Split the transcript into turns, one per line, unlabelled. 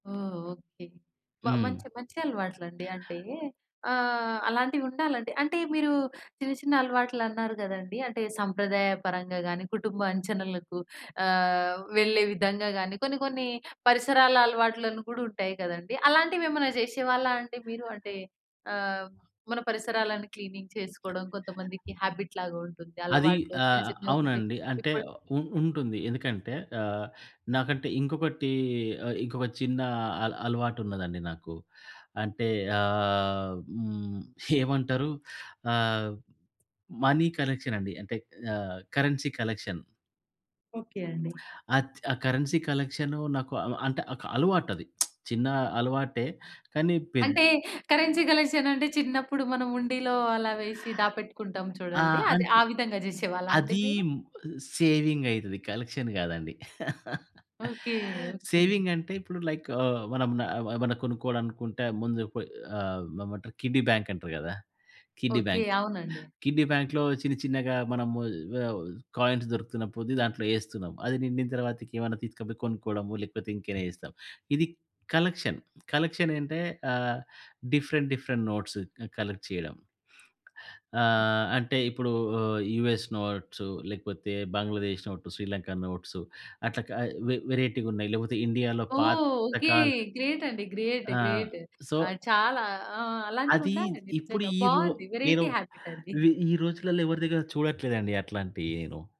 ఓహ్! Okay. మ
హ్మ్.
మంచి మంచి అలవాట్లు అండి. అంటే ఆహ్, అలాంటివి ఉండాలండి. అంటే మీరు చిన్న, చిన్న అలవాట్లన్నారు కదండీ. అంటే సంప్రదాయపరంగా గానీ, కుటుంబ అంచనలకు ఆహ్, వెళ్ళే విధంగా గానీ కొన్ని, కొన్ని పరిసరాల అలవాట్లను కూడుంటాయి కదండీ. అలాంటివేమైనా జేశేవాళ్ళా అండి మీరు? అంటే ఆహ్, మన పరిసరాలను క్లీనింగ్ చేసుకోవడం, కొంతమందికి హాబిట్ లాగా ఉంటుంది.
అది
అలవాట్లు చిన్న,
ఆహ్,
చిన్నవి ఉండే
అవునండి. అంటే
ఇప్పుడ్
ఉ ఉంటుంది. ఎందుకంటే ఆహ్, నాకంటే ఇంకొకటి ఆహ్, ఇంకొక చిన్న అల అలవాటు ఉన్నదండి నాకు. అంటే ఆహ్, హ్మ్ ఏవంటారు? ఆహ్, మనీ కలెక్షనండి అంటే ఆహ్, కరెన్సీ కలెక్షన్.
ఓకే అండి.
ఆచ్ ఆ కరెన్సీ కలెక్షను నాకు అ అంటే ఒక అలవాటది. చిన్న అలవాటే. కానీ, పెద్
అంటే, కరెన్సీ కలెక్షన్ అంటే, చిన్నప్పుడు మనం హుండిలో అలా వేశి దాపెట్టుకుంటాం
ఆ!
చూడండి. అది
అంటే
ఆ విధంగా జేశేవాళ్ళాండి
అది
మీరు?
సేవింగైతది కలెక్షన్ గాదండి.
ఓకే. ఓకే.
సేవింగ్ అంటే, ఇప్పుడు లైక్ ఆహ్, మనం న ఏమైనా కొనుక్కోవాలనుకుంటే ముందు పొయ్ ఆహ్, ఏమంటారు కిడ్డీ బ్యాంక్ అంటరు కదా! Kiddy
okay.
బ్యాంక్!
అవునండి.
కిడ్డీ బ్యాంక్‌లో చిన్నచిన్నగా మనము ఆహ్, కాయిన్స్ దొరుకుతున్న పొద్ది దాంట్లో ఏస్తున్నాం. అది నిండిన తర్వాతకి ఏమైనా తీసుకపోయి కొనుక్కోవడము, లేకపోతే ఇంకైనా జేస్తాం. ఇది కలెక్షన్, కలెక్షనేంటే ఆహ్, డిఫరెంట్, డిఫరెంట్ నోట్స్ క కలెక్ట్ చేయడం.
హ్మ్.
ఆహ్, అంటే ఇప్పుడు యూఎస్ నోట్సు లేకపోతే బంగ్లాదేశ్ నోట్, శ్రీలంక నోట్సు అట్లా క
హ్మ్.
వే వేరైటీగున్నాయి లేకపోతే ఇండియాలో
ఓహ్! ఓకే.
పాతకాల
గ్రేట్ అండి. గ్రేట్,
ఆ!
గ్రేట్.
సో
ఆ! చాలా ఆ!
అది
అలాంటివుండాలండి
ఇప్పుడు
నిజంగా
ఈ రో
బావుంది.
నేను
వేరైటీ హాబిటండీ.
వి ఈ రోజులల్లో ఎవరి దగ్గర చూడట్లేదండి అట్లాంటియ్యీను.